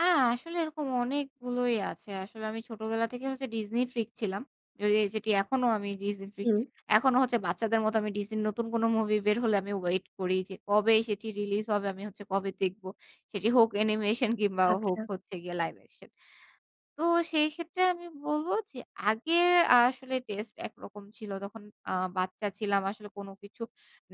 আ আসলে এরকম অনেকগুলোই আছে। আসলে আমি ছোটবেলা থেকে হচ্ছে Disney freak ছিলাম। যয়ে যেটি এখনো আমি Disney freak. হুম। এখনো হচ্ছে বাচ্চাদের মতো Disney র নতুন কোন মুভি বের হলে আমি ওয়েট করি যে, কবে সেটি রিলিজ হবে, আমি হচ্ছে কবে দেখব? সেটি হোক অ্যানিমেশন কিংবা হোক আচ্ছা। হচ্ছে গিয়ে লাইভ অ্যাকশন। তো সেইক্ষেত্রে আমি বলবো যে আগের আসলে টেস্ট একরকম ছিল। তখন আ বাচ্চা ছিলাম, আসলে কোন কিছু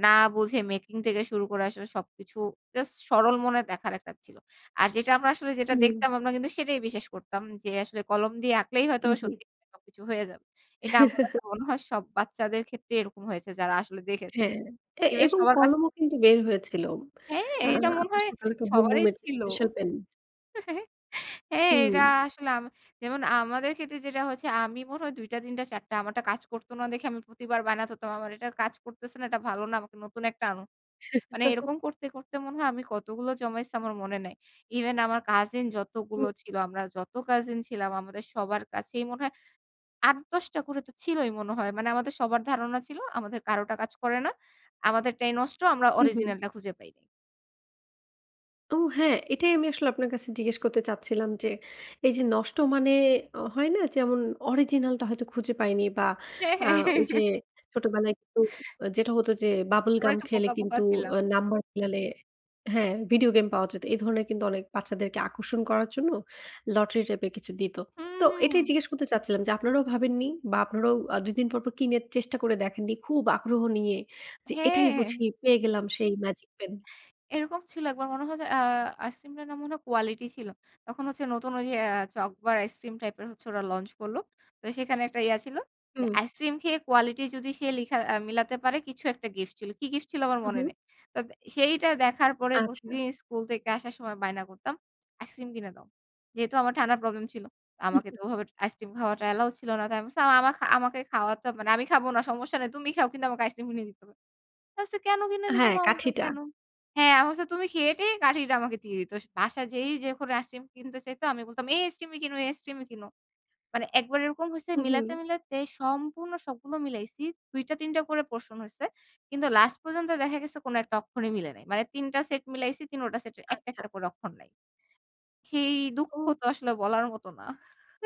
না বুঝে মেকিং থেকে শুরু করে আসলে সবকিছু জাস্ট সরল মনে দেখার একটা ছিল। আর যেটা আমরা আসলে যেটা হুম। দেখতাম আমরা কিন্তু সেটাই বিশ্বাস করতাম যে আসলে কলম দিয়ে আঁকলেই হুম, হয়তোবা জি। সত্যি [unintelligible] সবকিছু হয়ে যাবে। এটা আমার কাছে মনে হয় সব বাচ্চাদের ক্ষেত্রেই এরকম হয়েছে। যারা আসলে দেখেছে। হ্যাঁ, এ এবে এবং সবার কাছে কলমও কিন্তু বের হয়েছিল। হ্যাঁ, আ এটা মনে হয় শাকালাকা বুম সবারই বুমের যে ছিল। Special pen. হ্যাঁ, এটা হুম। আ আসলে যেমন আমাদের ক্ষেত্রে যেটা হচ্ছে, আমি মনে হয় ২ টা, ৩ টা, ৪ টা। আমারটা কাজ করতো না দেখে আমি প্রতিবার বায়না ধরতাম। "আমার এটা কাজ করতেছে না, এটা ভালো না, আমাকে নতুন একটা আনো।" মানে এরকম করতে, করতে মনে হয় আমি কতগুলো জমাইছি আমার মনে নাই। ইভেন আমার কাজিন যতগুলো হুম। ছিল আমরা যত কাজিন ছিলাম আমাদের সবার কাছেই মনে হয় ৮, ১০ টা করে তো ছিলই মনে হয়। মানে আমাদের সবার ধারণা ছিল আমাদের কারোটা কাজ করে না। আমাদেরটাই নষ্ট। আমরা হুম, হুম। অরিজিনালটা খুঁজে পাই নাই। ও, হ্যাঁ, এটাই আমি আসলে আপনার কাছে জিজ্ঞেস করতে চাচ্ছিলাম যে, এইযে নষ্ট, মানে হয় না? যেমন অরিজিনালটা হয়তো খুঁজে পাইনি বা, হ্যাঁ, আ হ্যাঁ, হ্যাঁ, ওইযে হ্যাঁ। ছোটবেলায় খু যেটা হতো যে বাবল আমরা গাম একটু খেলে বোকা, বোকা কিন্তু ছিলাম। নাম্বার মিলালে হ্যাঁ, ভিডিও গেম পাওয়া যেত। এই ধরনের কিন্তু অনেক বাচ্চাদেরকে আকর্ষণ করার জন্য লটারি টাইপের কিছু দিত। হুম, তো এটাই হুম। জিজ্ঞেস করতে চাচ্ছিলাম যে, আপনারাও ভাবেননি? বা, আপনারাও আ ২ দিন পরপর কিনে চেষ্টা করে দেখেননি খুব আগ্রহ নিয়ে যে, "এটাই হ্যাঁ। বুঝি পেয়ে গেলাম সেই ম্যাজিক পেন।"? এরকম ছিল একবার মনে হয়। যে আ আইসক্রিমটা নাম মনে হয় কোয়ালিটি ছিল। তখন হচ্ছে নতুন ওইযে আ চকবার আইসক্রিম টাইপের হচ্ছে ওরা launch করলো। তো সেখানে একটা ইয়া ছিল। যে হুম। আইসিইক্রিম খেয়ে কোয়ালিটি যদি সে লিখা আ মিলাতে পারে কিছু একটা গিফট ছিল। কী গিফট ছিল? আমার হুম, মনে হুম। নেই। তো সেইটা দেখার পরে প্রতিদিন আচ্ছা। স্কুল থেকে আসার সময় বায়না করতাম। "আইসিইক্রিম কিনে দাও।" যেহেতু আমার ঠান্ডার প্রবলেম ছিল, আমাকে তো ওভাবে আইসক্রিম খাওয়াটা অ্যালাউ ছিল না। তো আমি বলছি, "আমা আমাকে খাওয়াতে হবে না। আমি খাবো না, সমস্যা নাই। তুমি খাও। কিন্তু আমাকে আইসক্রিম কিনে দিতে হবে।" বলছে, "কেন কিনে দিবো?" হ্যাঁ, মা বলতো, কাঠিটা। "কেন?" হ্যাঁ। আমি বলছি, "তুমি খেয়ে-টেয়ে কাঠিটা আমাকে দিয়ে দিত।" বাসায় যেই যখন আইসিইক্রিম কিনতে চাইত আমি বলতাম, "এই আইসিইক্রিম কিনো এই আইসক্রিমই কিনো।" মানে একবার এরকম হইছে হুম, হুম। মিলাতে, মিলাতে সম্পূর্ণ সবগুলো মিলাইছি। ২ টা, ৩ টা করে portion হইছে। কিন্তু লাস্ট পর্যন্ত দেখা গেছে কোন একটা অক্ষরই মিলে নাই। মানে ৩ টা সেট মিলাইছি। ৩ টা সেটের ১ টা, ১ আচ্ছা। টা করে অক্ষর নাই, সেই দুঃখ ও! তো আসলে বলার মতো না।